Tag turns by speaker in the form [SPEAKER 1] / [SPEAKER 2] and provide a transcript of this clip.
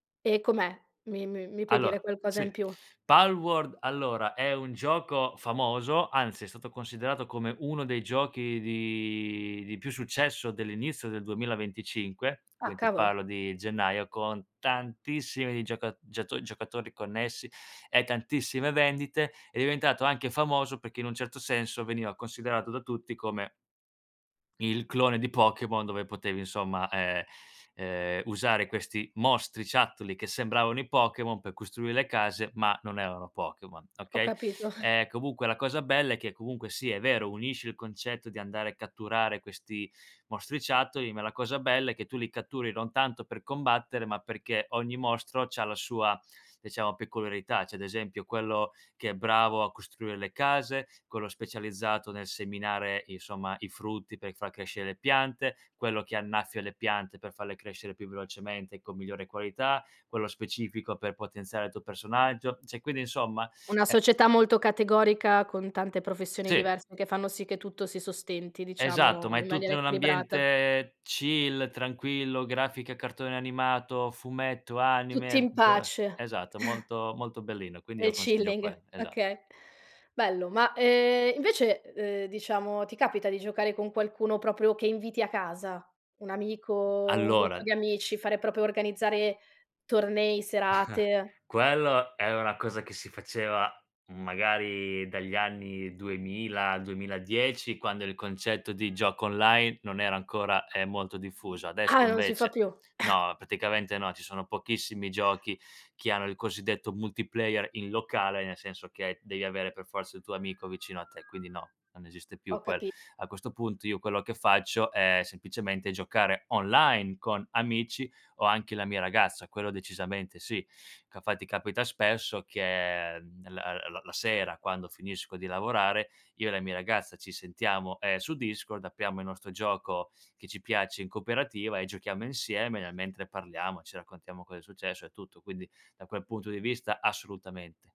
[SPEAKER 1] E com'è? Mi mi mi puoi dire
[SPEAKER 2] Allora,
[SPEAKER 1] qualcosa
[SPEAKER 2] sì.
[SPEAKER 1] in più?
[SPEAKER 2] Palworld allora, è un gioco famoso, anzi è stato considerato come 1 dei giochi di di più successo dell'inizio del 2025,
[SPEAKER 1] Ah,
[SPEAKER 2] quin ti
[SPEAKER 1] cavolo.
[SPEAKER 2] parlo di gennaio, con tantissimi di gioca giato giocatori connessi, e tantissime vendite. È diventato anche famoso perché in un certo senso veniva considerato da tutti come il clone di Pokémon dove potevi insomma, ehm, uhm, usare questi mostriciattoli che sembravano i Pokemon pe costruire le case, ma non erano Pokemon,
[SPEAKER 1] Ho
[SPEAKER 2] okay?
[SPEAKER 1] capito.
[SPEAKER 2] Ehm, comunque la cosa bella è che comunque sì, è vero, unisce il concetto di andare a catturare questi mostriciattoli, ma la cosa bella è che tu li catturi non tanto per combattere, ma perché ogni mostro c'ha la sua, diciamo peculiarità. C'è, ad esempio, quello che è bravo a costruire le case, quello specializzato nel seminare, insomma, i frutti per far crescere le piante, quello che annaffia le piante per farle crescere più velocemente e con migliore qualità, quello specifico per potenziare il tuo personaggio. Cioè, quindi insomma,
[SPEAKER 1] Una
[SPEAKER 2] ehm
[SPEAKER 1] società molto categorica con tante professioni
[SPEAKER 2] Sì.
[SPEAKER 1] diverse che fanno sì che tutto si sostenti, diciamo,
[SPEAKER 2] Esatto, ma è
[SPEAKER 1] in maniera
[SPEAKER 2] tutto in un
[SPEAKER 1] equilibrata.
[SPEAKER 2] ambiente chill, tranquillo, grafica, cartone animato, fumetto,
[SPEAKER 1] Tutti
[SPEAKER 2] anime,
[SPEAKER 1] in
[SPEAKER 2] uhm
[SPEAKER 1] pace.
[SPEAKER 2] Esatto. Molto molto bellino. Quindi
[SPEAKER 1] Nel
[SPEAKER 2] io consiglio
[SPEAKER 1] chilling,
[SPEAKER 2] quell esa
[SPEAKER 1] okay, bello. Ma, ehm, invece, uhm, diciamo ti capita di giocare con qualcuno proprio che inviti a casa un amico, un
[SPEAKER 2] Allora
[SPEAKER 1] gruppo di amici, fare proprio organizzare tornei, serate?
[SPEAKER 2] Quello è una cosa che si faceva, magari, dagli anni 2000 al 2010 quando il concetto di gioco online non era ancora, ehm, molto diffuso. Adesso,
[SPEAKER 1] Ah, non si fa
[SPEAKER 2] invece
[SPEAKER 1] più.
[SPEAKER 2] no, praticamente no, ci sono pochissimi giochi che hanno il cosiddetto multiplayer in locale, nel senso che devi avere per forza il tuo amico vicino a te. Quindi no, non esiste più
[SPEAKER 1] Ho
[SPEAKER 2] quello.
[SPEAKER 1] capi
[SPEAKER 2] A questo punto io quello che faccio è semplicemente giocare online con amici, o anche la mia ragazza, quello decisamente sì. Capa ti capita spesso che, mhmm, la l l la sera, quando finisco di lavorare, io e la mia ragazza ci sentiamo, ehm, su Discord, apriamo il nostro gioco che ci piace in cooperativa, e giochiamo insieme, nel mentre parliamo, ci raccontiamo cosa è successo, e tutto. Quindi, da quel punto di vista assolutamente.